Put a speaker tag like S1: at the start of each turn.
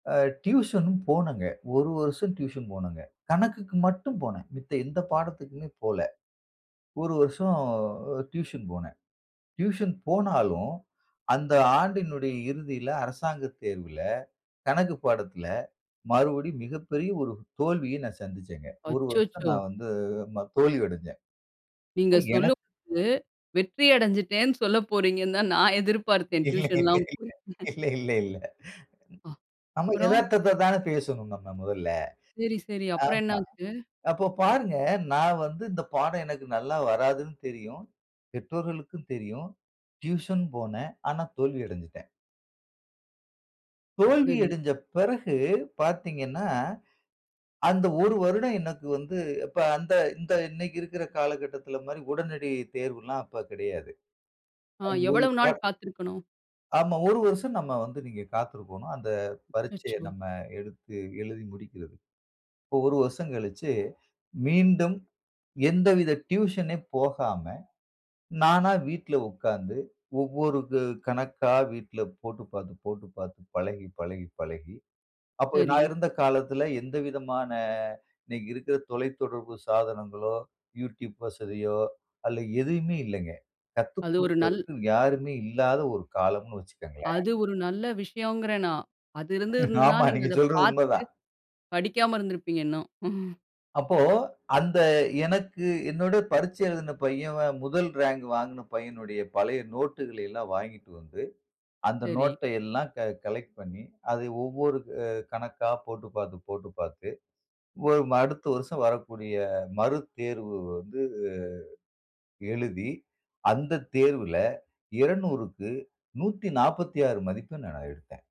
S1: அ tuition போனங்க. ஒரு வருஷம் tuition போனங்க. கணக்குக்கு மட்டும் போனன். மித்த எந்த பாடத்துக்குமே போல. ஒரு வருஷம் டியூஷன் போனன். டியூஷன் போனாலும் அந்த ஆண்டினுடைய இறுதியில அரசாங்க தேர்வில கணக்கு பாடத்தில மறுபடியும் மிகப்பெரிய ஒரு தோல்விய நான் சந்திச்சேங்க. ஒரு வருஷம்
S2: அச்சச்சோ!
S1: நான் வந்து ம தோல்வி அடஞ்சேன்
S2: நீங்க
S1: [unintelligible] எனக்கு
S2: சொல்லும்போது வெற்றி அடைஞ்சுட்டேன்ன்னு சொல்ல போறீங்கன்னு தான் நான் எதிர்பார்த்தேன்.
S1: இல்ல,
S2: டியூஷன் லா போயி
S1: இல்ல, இல்ல, இல்ல
S2: அ
S1: நம்ம
S2: அப்புறம்.
S1: எதார்த்தத்த தானே பேசணும். நாம மொதல்ல.
S2: சரி, சரி அப்புறம்
S1: ஆமா.
S2: என்னாச்சு?
S1: அப்ப பாருங்க நான் வந்து இந்த பாடம் எனக்கு நல்லா வராதுன்னு தெரியும். பெற்றோர்களுக்கும் தெரியும். டியூஷன் போனேன். ஆனா தோல்வி அடஞ்சுட்டேன். தோல்வி
S2: சரி.
S1: அடஞ்ச பிறகு பார்த்தீங்கன்னா, அந்த ஒரு வருடம் எனக்கு வந்து இப்ப அந்த இந்த இன்னக்கி இருக்குற காலகட்டத்தில மாறி உடனடி தேர்வு எல்லாம் அப்ப கிடையாது.
S2: ஆ எவ்வளவு நாள்
S1: [unintelligible]
S2: காத்திருக்கணும்?
S1: ஆமா. ஒரு வருஷம் நம்ம வந்து நீங்க காத்திருக்கணும். அந்த பரீட்சய
S2: அச்சோ!
S1: நம்ம எடுத்து எழுதி முடிக்கிறது. இப்போ ஒரு வருஷம் கழிச்சு மீண்டும் எந்தவித டியூஷன் போகாம நானா வீட்ல உக்கார்ந்து ஒவ்வொரு க கணக்கா வீட்ல போட்டு பார்த்து, போட்டு பார்த்து பழகி, பழகி, பழகி அப்போ நான்
S2: சரி.
S1: இருந்த காலத்தில எந்தவிதமான இன்னக்கி இருக்கிற தொலைத்தொடர்பு சாதனங்களோ! Youtube வசதியோ! அல்ல எதுவுமே இல்லங்க.
S2: அது ஒரு நல்
S1: கத்துக்குடுப்பதற்கு யாருமே இல்லாத ஒரு காலம்ன்னு வச்சுக்கங்களேன்!
S2: அது ஒரு நல்ல விஷயோங்கிறேன் நான். அது இருந்துததுன்னா
S1: ஆமா
S2: நீங்க
S1: நீங்க
S2: அத
S1: சொல்றது
S2: பார்த்து
S1: உண்ம தான்.
S2: படிக்காம இருந்திருப்பீங்க இன்னும்.
S1: அப்போ, அந்த எனக்கு என்னுடைய பரீட்சை எழுதிய பையன் முதல் ரேங்க் வாங்கின பையனுடைய பழைய நோட்டுகளை எல்லாம் வாங்கிட்டு வந்து அந்த
S2: சரி.
S1: நோட்ட எல்லாம் க கலெக்ட் பண்ணி, அதை ஒவ்வொரு அ கணக்கா போட்டு பார்த்து, போட்டு பார்த்து ஒ அடுத்த வருஷம் வரக்கூடிய மறு தேர்வு வந்து எழுதி அந்த தேர்வில 200க்கு 146 மதிப்பெண் நான் எடுத்தேன்.